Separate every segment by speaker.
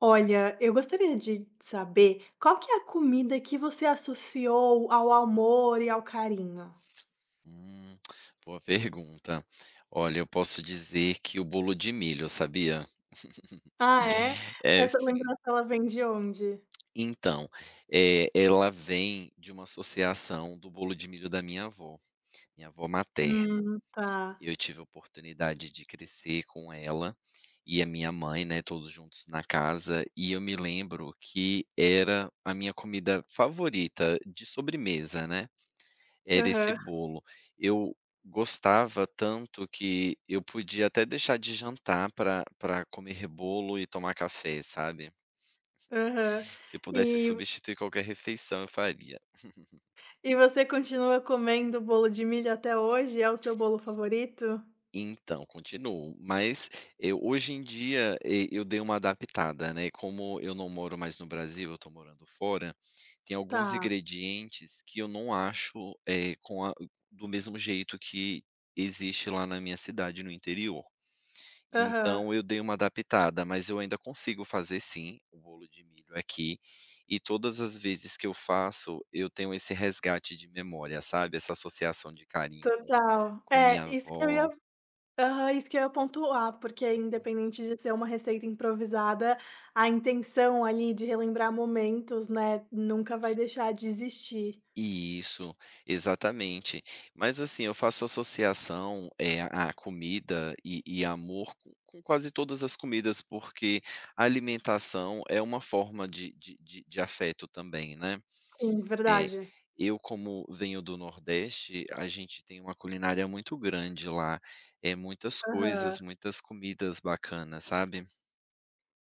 Speaker 1: Olha, eu gostaria de saber qual que é a comida que você associou ao amor e ao carinho?
Speaker 2: Hum, boa pergunta. Olha, eu posso dizer que o bolo de milho, sabia?
Speaker 1: Ah é,
Speaker 2: É
Speaker 1: essa
Speaker 2: sim.
Speaker 1: lembrança ela vem de onde?
Speaker 2: Então, eh, ela vem de uma associação do bolo de milho da minha avó, minha avó materna,
Speaker 1: Hum, tá.
Speaker 2: eu tive a oportunidade de crescer com ela e a minha mãe, né, todos juntos na casa, e eu me lembro que era a minha comida favorita de sobremesa, né, era esse
Speaker 1: Aham.
Speaker 2: bolo, eu gostava tanto, que eu podia até deixar de jantar para para comer bolo e tomar café, sabe?
Speaker 1: Aham,
Speaker 2: Se pudesse
Speaker 1: e
Speaker 2: substituir qualquer refeição, eu faria.
Speaker 1: e você continua comendo bolo de milho até hoje? É o seu bolo favorito?
Speaker 2: Então continuo, mas eu hoje em dia, eu dei uma adaptada, né, como eu não moro mais no Brasil, eu tô morando fora, tem alguns
Speaker 1: Tá.
Speaker 2: ingredientes que eu não acho, eh, com a do mesmo jeito que existe lá na minha cidade no interior,
Speaker 1: Aham.
Speaker 2: então eu dei uma adaptada, mas eu ainda consigo fazer sim o bolo de milho aqui e todas as vezes que eu faço, eu tenho esse resgate de memória, sabe, essa associação de carinho com
Speaker 1: Total.
Speaker 2: com a
Speaker 1: É,
Speaker 2: minha
Speaker 1: isso que eu ia
Speaker 2: avó.
Speaker 1: aham, isso que eu ia pontuar, porque
Speaker 2: Uhum.
Speaker 1: independente de ser uma receita improvisada, a intenção, ali, de relembrar momentos, né, nunca vai deixar de existir.
Speaker 2: Isso, exatamente. Mas, assim, eu faço associação, eh, à comida e e amor com com quase todas as comidas, porque a alimentação é uma forma de de de de afeto também, né,
Speaker 1: Sim,
Speaker 2: é.
Speaker 1: verdade.
Speaker 2: Eu, como venho do Nordeste, a gente tem uma culinária muito grande lá, é muitas coisas,
Speaker 1: Aham.
Speaker 2: muitas comidas bacana, sabe?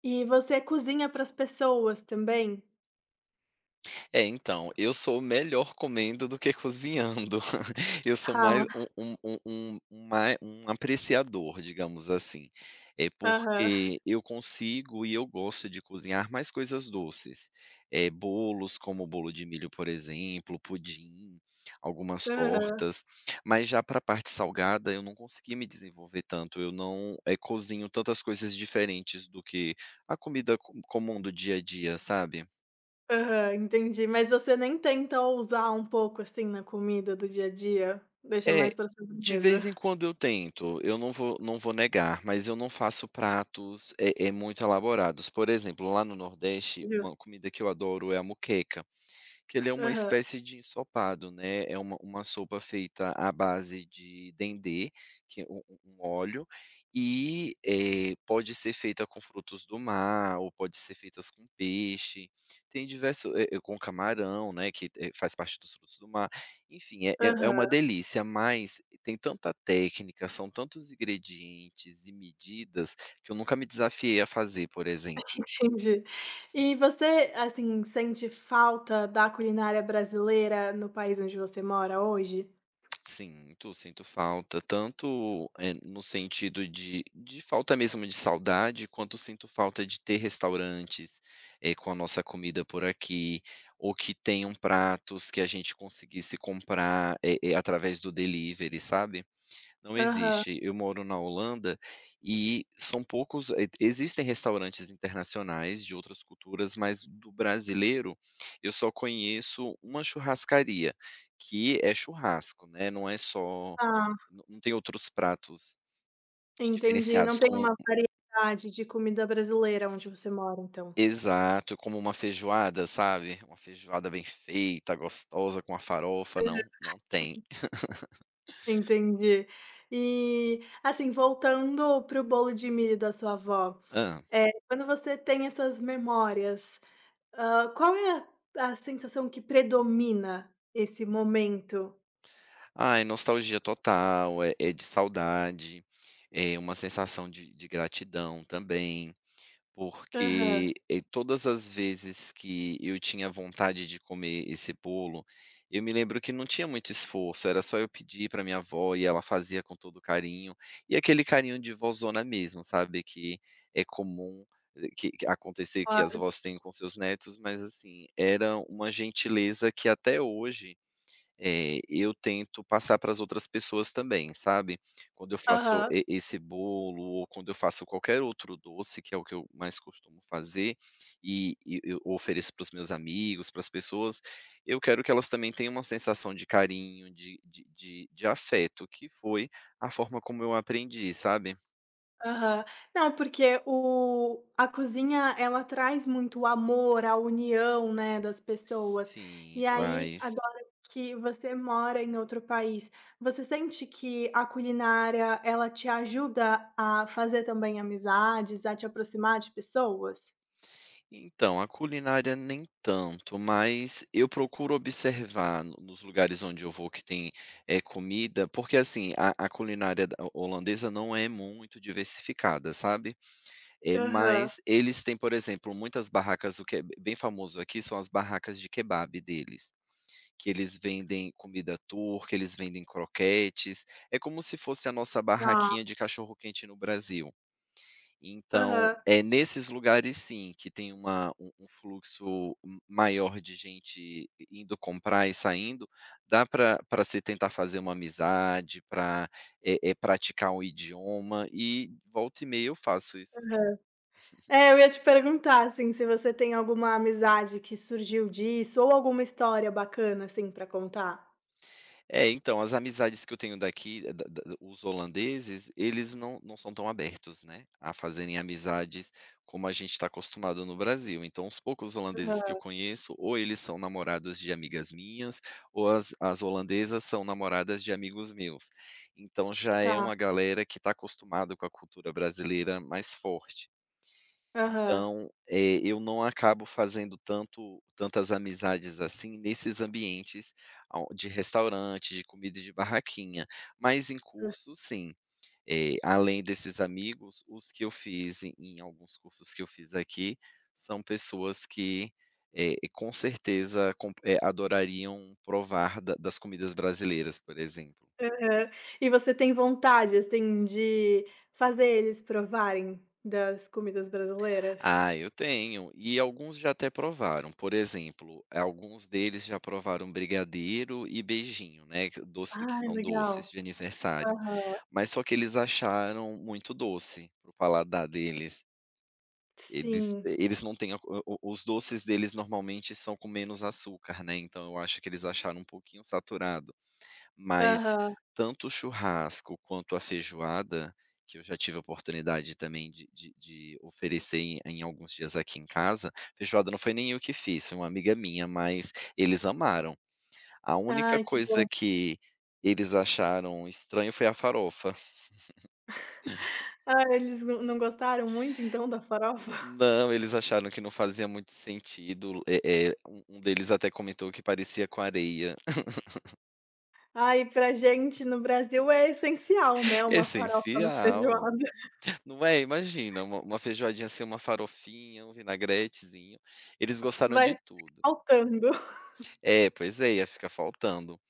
Speaker 1: E você cozinha para as pessoas também?
Speaker 2: É, então, eu sou melhor comendo do que cozinhando, eu sou
Speaker 1: Ra
Speaker 2: mais um um um um ma um apreciador, digamos assim, é
Speaker 1: Aham.
Speaker 2: porque eu consigo e eu gosto de cozinhar mais coisas doces, eh, bolos como o bolo de milho, por exemplo, pudim, algumas
Speaker 1: Aham.
Speaker 2: tortas, mas já pra parte salgada, eu não consegui me desenvolver tanto, eu não, eh, cozinho tantas coisas diferentes do que a comida co comum do dia a dia, sabe.
Speaker 1: Aham. Entendi. Mas você nem tenta ousar um pouco, assim, na comida do dia a dia? Deixa
Speaker 2: É,
Speaker 1: mais para
Speaker 2: de
Speaker 1: sobremesa?
Speaker 2: vez em quando, eu tento, eu não vou não vou negar, mas eu não faço pratos, eh eh, muito elaborados, por exemplo, lá no nordeste,
Speaker 1: [unintelligible]
Speaker 2: uma comida que eu adoro é a moqueca, que ele é uma
Speaker 1: Aham.
Speaker 2: espécie de ensopado, né, é uma uma sopa feita à base de dendê, que é um um um óleo, e, eh, pode ser feita com frutos do mar ou pode ser feitas com peixe, tem diverso eh eh, com camarão, né, que faz parte dos frutos do mar, enfim, é é uma
Speaker 1: Aham.
Speaker 2: delícia, mas tem tanta técnica, são tantos ingredientes e medidas, que eu nunca me desafiei a fazer, por exemplo.
Speaker 1: Entendi. E você, assim, sente falta da culinária brasileira no país onde você mora hoje?
Speaker 2: Sinto, sinto falta. Tanto, eh, no sentido de de falta mesmo de saudade, quanto sinto falta de ter restaurantes, eh, com a nossa comida por aqui, ou que tenham pratos que a gente conseguisse comprar, eh eh, através do delivery, sabe. Não
Speaker 1: Aham.
Speaker 2: existe, eu moro na Holanda e são poucos, e existem restaurantes internacionais, de outras culturas, mas do brasileiro, eu só conheço uma churrascaria, que é churrasco, né. Não é só
Speaker 1: Hã.
Speaker 2: não tem outros pratos,
Speaker 1: Entendi. Não
Speaker 2: diferenciados
Speaker 1: tem
Speaker 2: com
Speaker 1: uma variedade de comida brasileira onde você mora, então?
Speaker 2: Exato, como uma feijoada, sabe, uma feijoada bem feita, gostosa, com uma farofa. Não,
Speaker 1: Aham.
Speaker 2: não tem.
Speaker 1: Entendi. E, assim voltando para o bolo de milho da sua avó,
Speaker 2: Hã.
Speaker 1: eh, quando você tem essas memórias, hã, qual é a a sensação que predomina esse momento?
Speaker 2: Ah, é nostalgia total, é é de saudade. É uma sensação de de gratidão também.
Speaker 1: Aham.
Speaker 2: Porque, eh, todas as vezes que eu tinha vontade de comer esse bolo, eu me lembro que não tinha muito esforço, era só eu pedir para a minha avó e ela fazia com todo carinho. E aquele carinho de vózona mesmo, sabe, que é comum, que que acontecer que as
Speaker 1: Claro.
Speaker 2: avós têm com seus netos. Mas assim, era uma gentileza que até hoje, eh, eu tento passar para as outras pessoas também, sabe. Quando eu faço
Speaker 1: Aham.
Speaker 2: e esse bolo ou quando eu faço qualquer outro doce que é o que eu mais costumo fazer. E e o ofereço para os meus amigos, para as pessoas, eu quero que elas também tenham uma sensação de carinho, de de de afeto que foi a forma como eu aprendi, sabe?
Speaker 1: Aham. Não, porque o a cozinha, ela traz muito o amor, a união, né, das pessoas,
Speaker 2: Sim,
Speaker 1: e aí,
Speaker 2: traz.
Speaker 1: agora que você mora em outro país, você sente que a culinária, ela te ajuda a fazer, também, amizades, a te aproximar de pessoas?
Speaker 2: Então, a culinária nem tanto, mas eu procuro observar no nos lugares onde eu vou que tem, eh, comida porque assim, a a culinária da ho holandesa não é muito diversificada, sabe, eh,
Speaker 1: Aham.
Speaker 2: mas eles têm, por exemplo, muitas barracas o que é bem famoso aqui são as barracas de kebap deles, que eles vendem comida Tur que eles vendem croquetes, é como se fosse a nossa
Speaker 1: Tá.
Speaker 2: barraquinha de cachorro-quente no Brasil, então,
Speaker 1: Aham.
Speaker 2: eh, nesses lugares sim, que tem uma um um fluxo m maior de gente i indo comprar e saindo, dá para para se tentar fazer uma amizade, para, eh-eh, praticar o idioma e volta e meia eu faço isso, assim.
Speaker 1: Aham. É, eu ia te perguntar, assim, se você tem alguma amizade que surgiu disso ou alguma história bacana, assim, para contar?
Speaker 2: É, então, as amizades que eu tenho daqui, da da os holandeses, eles não não são tão abertos, né, a fazerem amizades como a gente está acostumado no Brasil, então os poucos holandeses que eu
Speaker 1: Aham.
Speaker 2: conheço ou eles são namorados de amigas minhas ou as as holandesas são namoradas de amigos meus, então já é
Speaker 1: Tá.
Speaker 2: uma galera que está acostumada com a cultura brasileira mais forte,
Speaker 1: Aham.
Speaker 2: então, eh, eu não acabo fazendo tanto tantas amizades assim nesses ambientes ao de restaurante, de comida de barraquinha, mas em
Speaker 1: Hã,
Speaker 2: curso,
Speaker 1: s
Speaker 2: sim, eh, além desses amigos, os que eu fiz e em alguns cursos que eu fiz aqui, são pessoas que, eh, com certeza com eh, adorariam provar da das comidas brasileiras, por exemplo.
Speaker 1: Aham. E você tem vontade, assim, de fazer eles provarem das comidas brasileiras?
Speaker 2: Ah, eu tenho, e alguns já até provaram, por exemplo, alguns deles já provaram brigadeiro e beijinho, né, que doce que
Speaker 1: Ai,
Speaker 2: são doces
Speaker 1: legal!
Speaker 2: de aniversário,
Speaker 1: Aham.
Speaker 2: mas só que eles acharam muito doce para o paladar deles. Eles
Speaker 1: Sim
Speaker 2: eh, eles não têm a cul o o os doces deles, normalmente, são com menos açúcar, né, então eu acho que eles acharam um pouquinho saturado, mas
Speaker 1: Aham.
Speaker 2: tanto o churrasco quanto a feijoada, que eu já tive a oportunidade também de de de oferecer em em alguns dias aqui em casa, feijoada não foi nem o que fiz, foi uma amiga minha, mas eles amaram, a única
Speaker 1: Ai, que
Speaker 2: coisa
Speaker 1: bom.
Speaker 2: que eles acharam estranho foi a farofa.
Speaker 1: Ah, eles não não gostaram muito, então, da farofa?
Speaker 2: Não, eles acharam que não fazia muito sentido, eh eh, um um deles até comentou que parecia com areia.
Speaker 1: Ai, para gente no Brasil é essencial, né, uma farofa na
Speaker 2: Essencial.
Speaker 1: feijoada.
Speaker 2: Não é? Imagina uma uma feijoadinha sem uma farofinha, um vinagretezinho, eles gostaram de
Speaker 1: Vai
Speaker 2: tudo.
Speaker 1: [unintelligible] faltando.
Speaker 2: É, pois é, ia ficar faltando.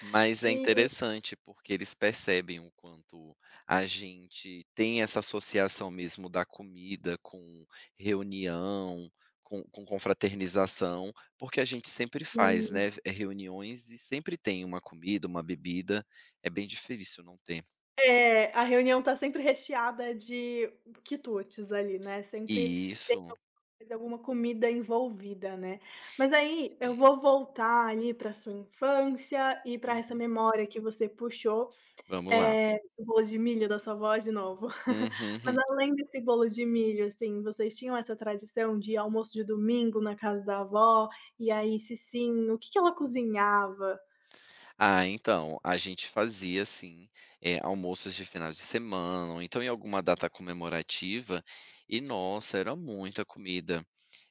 Speaker 2: Mas é
Speaker 1: E
Speaker 2: interessante, porque eles percebem o quanto a gente tem essa associação mesmo da comida com reunião, com com confraternização, porque a gente sempre faz,
Speaker 1: Hum.
Speaker 2: né, eh, reuniões e sempre tem uma comida, uma bebida, é bem difícil não ter.
Speaker 1: É, a reunião está sempre recheada de quitutes ali, né, sempre tem
Speaker 2: Isso.
Speaker 1: alguma coisa, alguma comida envolvida, né. Mas
Speaker 2: Tem que
Speaker 1: aí eu
Speaker 2: ter.
Speaker 1: vou voltar aí para sua infância e para essa
Speaker 2: Uhum.
Speaker 1: memória que você puxou,
Speaker 2: Vamos lá.
Speaker 1: eh, o bolo de milho da sua avó de novo.
Speaker 2: Uhum.
Speaker 1: Mas,
Speaker 2: Hum.
Speaker 1: além desse bolo de milho, assim, vocês tinham essa tradição de almoço de domingo na casa da avó, e aí, se sim, o que que ela cozinhava?
Speaker 2: Ah, então, a gente fazia assim, eh, almoços de finais de semana, ou então em alguma data comemorativa, e, nossa, era muita comida.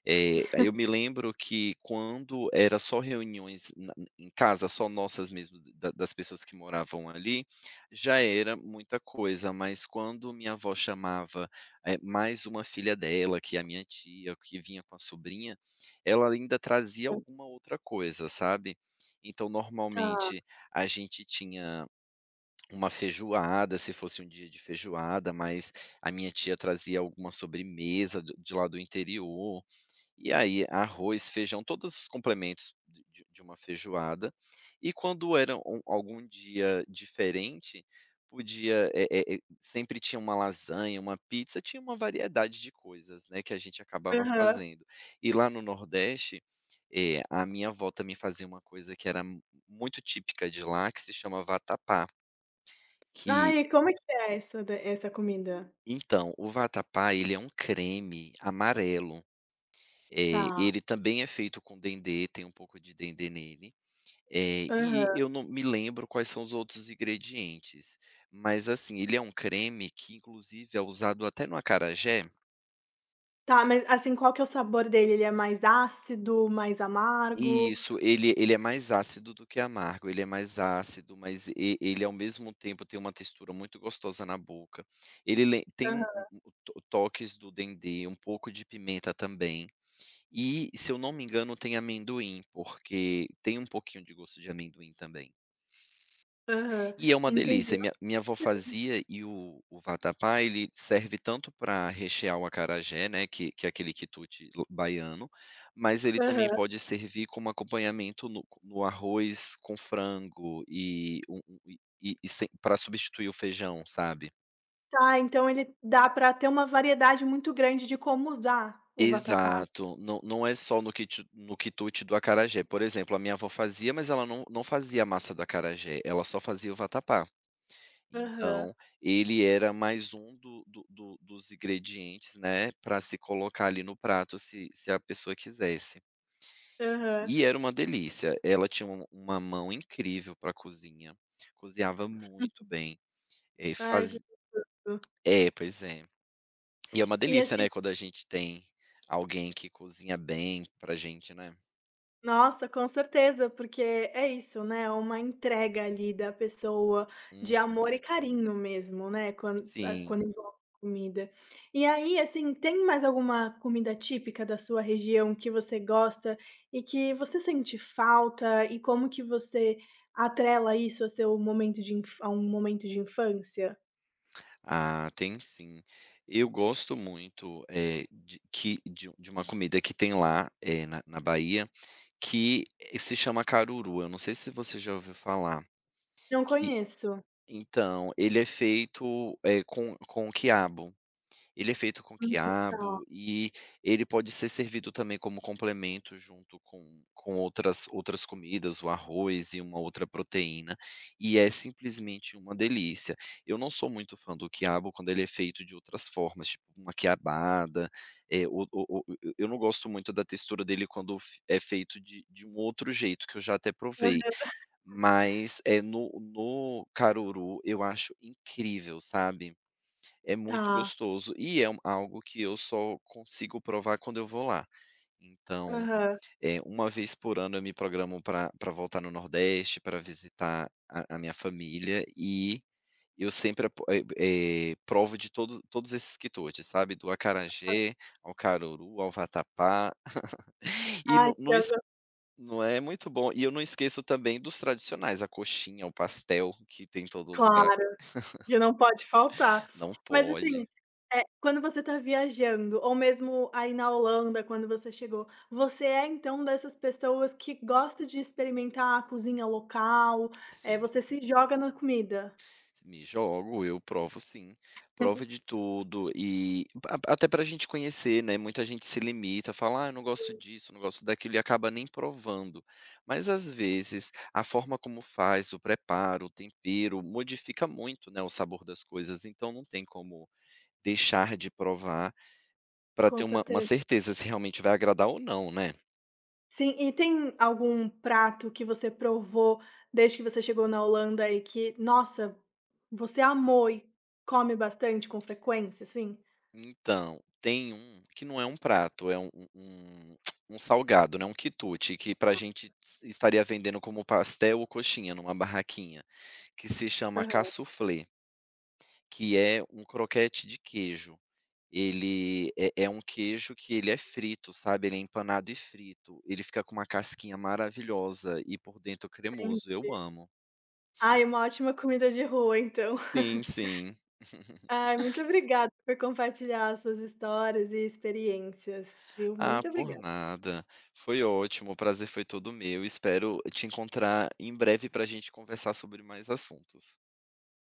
Speaker 2: Eh, aí eu me lembro que quando era só reuniões na n em casa, só nossas mesmo, da das pessoas que moravam ali, já era muita coisa, mas quando minha avó chamava, eh, mais uma filha dela que é a minha tia, que vinha com a sobrinha, ela ainda trazia
Speaker 1: Hã.
Speaker 2: alguma outra coisa, sabe? Então,
Speaker 1: Tá.
Speaker 2: normalmente, a gente tinha uma feijoada, se fosse um dia de feijoada, mas a minha tia trazia alguma sobremesa o de lá do interior, e aí arroz, feijão, todos os complementos de de uma feijoada. E quando era a algum dia diferente, podia, eh eh, sempre tinha uma lasanha, uma pizza, tinha uma variedade de coisas, né, que a gente acabava
Speaker 1: Aham.
Speaker 2: fazendo. E lá no nordeste, eh, a minha avó também fazia uma coisa que era muito típica de lá que se chama vatapá. Que
Speaker 1: Ai, como que é essa d essa comida?
Speaker 2: Então, o vatapá, ele é um creme amarelo. Eh,
Speaker 1: Tá.
Speaker 2: ele também é feito com dendê, tem um pouco de dendê nele. Eh, e
Speaker 1: Aham.
Speaker 2: eu não me lembro quais são os outros ingredientes, mas, assim, ele é um creme que inclusive é usado até no acarajé.
Speaker 1: Tá, mas assim, qual que é o sabor dele? Ele é mais ácido, mais amargo?
Speaker 2: Isso, ele ele é mais ácido do que amargo, ele é mais ácido. Mas e ele ao mesmo tempo tem uma textura muito gostosa na boca, ele lem Tem um
Speaker 1: Aham.
Speaker 2: o o o toques do dendê, um pouco de pimenta também. E, se eu não me engano, tem amendoim, porque tem um pouquinho de gosto de amendoim também.
Speaker 1: Aham,
Speaker 2: E é uma
Speaker 1: entendi,
Speaker 2: delícia, minha
Speaker 1: no
Speaker 2: minha avó
Speaker 1: [unintelligible]
Speaker 2: fazia e o o vatapá, ele serve tanto pra rechear o acarajé, né, que que é aquele quitute baiano, mas ele também
Speaker 1: Aham.
Speaker 2: pode servir como acompanhamento no no arroz com frango, e um um um e e sem pra substituir o feijão, sabe?
Speaker 1: Tá, então ele dá pra ter uma variedade muito grande de como usar o vatapá.
Speaker 2: Exato! Não não é só no quitu no quitute do acarajé. Por exemplo: a minha avó fazia, mas ela não não fazia a massa do acarajé, ela só fazia o vatapá.
Speaker 1: Aham.
Speaker 2: Então, ele era mais um do do do dos ingredientes, né, pra se colocar ali no prato, se se a pessoa quisesse,
Speaker 1: Aham.
Speaker 2: e era uma delícia. Ela tinha um uma uma mão incrível pra cozinha, cozinhava muito bem. É,
Speaker 1: Ai, que
Speaker 2: faz
Speaker 1: gostoso.
Speaker 2: É, pois é. E é uma
Speaker 1: E
Speaker 2: delícia,
Speaker 1: esse
Speaker 2: né, quando a gente tem alguém que cozinha bem pra gente, né?
Speaker 1: Nossa, com certeza, porque é isso, né. É uma entrega ali, da pessoa,
Speaker 2: Uhum.
Speaker 1: de amor e carinho mesmo, né, quanto
Speaker 2: Sim.
Speaker 1: quando é comida. E aí, assim, tem mais alguma comida típica da sua região que você gosta e que você sente falta? E como que você atrela isso ao seu momento de infanc A um momento de infância?
Speaker 2: Ah, tem sim. Eu gosto muito, eh, de que de de uma comida que tem lá, eh, na na Bahia, que se chama: Caruru, eu não sei se você já ouviu falar,
Speaker 1: Não
Speaker 2: que
Speaker 1: conheço.
Speaker 2: então, ele é feito, eh, com com quiabo. Ele é feito com
Speaker 1: Uhum, tá.
Speaker 2: quiabo e ele pode ser servido também como complemento junto com com outras outras comidas, o arroz e uma outra proteína, e é simplesmente uma delícia. Eu não sou muito fã do quiabo, quando ele é feito de outras formas tipo: uma quiabada, e o o o eu não gosto muito da textura dele quando é é feito de de um outro jeito que eu já até
Speaker 1: Aham.
Speaker 2: provei, mas, eh, no no Caruru, eu acho incrível, sabe. É muito
Speaker 1: Tá.
Speaker 2: gostoso e é algo que eu só consigo provar quando eu vou lá. Então,
Speaker 1: Aham.
Speaker 2: eh, uma vez por ano eu me programo para para voltar no nordeste, para visitar visitar a a minha família e e eu sempre, eh, e e provo de todos todos esses quitutes, sabe, do
Speaker 1: Aham.
Speaker 2: acarajé, ao caruru, ao vatapá. E
Speaker 1: Ah
Speaker 2: no
Speaker 1: que
Speaker 2: no,
Speaker 1: [unintelligible]
Speaker 2: não é muito bom, e eu não esqueço também dos tradicionais, a coxinha, o pastel que tem em todo lugar.
Speaker 1: Claro, que não pode faltar.
Speaker 2: Não
Speaker 1: Mas
Speaker 2: pode.
Speaker 1: assim, eh, quando você está viajando ou mesmo aí na Holanda quando você chegou você é, então, dessas pessoas que gosta de experimentar a cozinha local, eh,
Speaker 2: Sim,
Speaker 1: você
Speaker 2: uhum.
Speaker 1: se joga na comida?
Speaker 2: Me jogo, eu provo sim, provo de tudo e até até para gente conhecer, né, muita gente se limita, fala: "ah, eu não gosto
Speaker 1: Sim.
Speaker 2: disso, não gosto daquilo" e acaba nem provando. Mas às vezes, a forma como faz, o preparo, o tempero, modifica muito, né, o sabor das coisas então não tem como deixar de provar, pra
Speaker 1: Com
Speaker 2: ter uma uma
Speaker 1: certeza.
Speaker 2: certeza se realmente vai agradar ou não, né?
Speaker 1: Sim. E tem algum prato que você provou desde que você chegou na Holanda e que nossa você amou e come bastante com frequência assim?
Speaker 2: Então, tem um, que não é um prato, é um um um salgado, né, um quitute que para
Speaker 1: Ah.
Speaker 2: gente estaria vendendo como pastel ou coxinha em uma barraquinha, que se chama
Speaker 1: Aham.
Speaker 2: casuflê que é um croquete de queijo. Ele é é um queijo que ele é frito, sabe. Ele é empanado e frito, ele fica com uma casquinha maravilhosa e por dentro cremoso, eu
Speaker 1: Entendi.
Speaker 2: amo.
Speaker 1: Aí, é uma ótima comida de rua, então.
Speaker 2: Sim sim.
Speaker 1: Ai, muito obrigada por compartilhar as suas histórias e experiências, viu.
Speaker 2: Ah,
Speaker 1: Muito
Speaker 2: por
Speaker 1: obrigada.
Speaker 2: nada, foi ótimo, o prazer foi todo meu. Espero te encontrar em breve para gente conversar sobre mais assuntos.